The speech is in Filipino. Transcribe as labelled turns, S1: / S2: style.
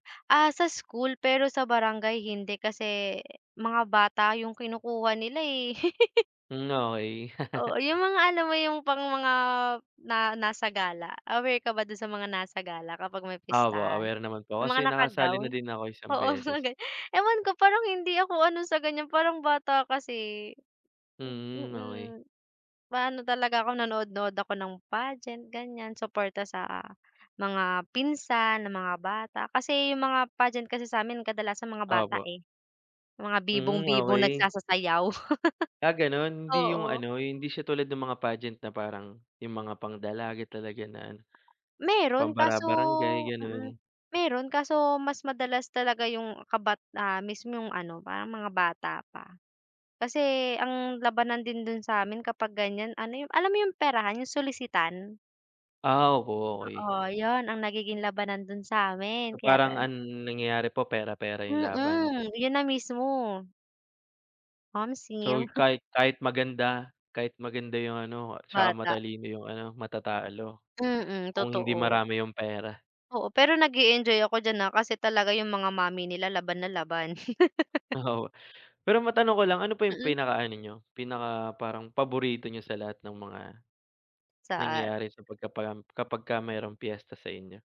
S1: Ah, sa school, pero sa barangay hindi kasi mga bata yung kinukuha nila, eh.
S2: Mm, okey.
S1: Oo, yung mga alam mo yung pang mga na nasa gala, aware ka ba dun sa mga nasa gala kapag may
S2: Opo,
S1: pistahan?
S2: aware naman po
S1: Yung
S2: kasi
S1: mga
S2: nakasali na
S1: naka-gown.
S2: din ako isang
S1: Oo, mga
S2: beses.
S1: ganun. Ewan ko, parang hindi ako ano sa ganyan, parang bata kasi. Hmm,
S2: Mm, okey.
S1: mm. Maano talaga ako, nanood-nood ako ng pageant, ganyan, suporta sa mga pinsan na mga bata. Kasi yung mga pageant kasi sa'min kadalasan mga bata,
S2: Opo.
S1: eh. Mga
S2: Mm,
S1: bibong-bibong
S2: okey.
S1: nagsasasayaw.
S2: Ah, ganun? Hindi yung
S1: Oo.
S2: ano, hindi siya tulad nung mga pagent na parang yung mga pang-dalaga talaga na ano, pang
S1: Meron kaso
S2: bara-barangay,
S1: mm.
S2: ganun?
S1: Meron kaso mas madalas talaga yung kabat ah, mismo yung ano, parang mga bata pa. Kasi ang labanan din dun sa'min kapag ganyan ano, yung alam mo yung perahan, yung solisitan?
S2: Ah, oo, okey.
S1: Oo, yun ang nagiging labanan dun sa'min
S2: So,
S1: kaya
S2: parang
S1: tan
S2: ang nangyayari po pera-pera yung laban?
S1: Mm, yun na mismo.
S2: So,
S1: Omsim.
S2: kahit kahit maganda kahit maganda yung ano, tsaka
S1: Bata.
S2: matalino yung ano, matatalo
S1: Mm,
S2: kung hindi
S1: totoo.
S2: marami yung pera.
S1: Oo, pero nag-e-enjoy ako diyan, ah, kasi talaga yung mga mommy nila laban na laban.
S2: Oo. Pero matanong ko lang, ano pa yung
S1: Mm.
S2: pinakaano niyo, pinaka parang paborito niyo sa lahat ng mga
S1: Sa ar
S2: nangyayari sa pagkapalam kapagka merong piyesta sa inyo?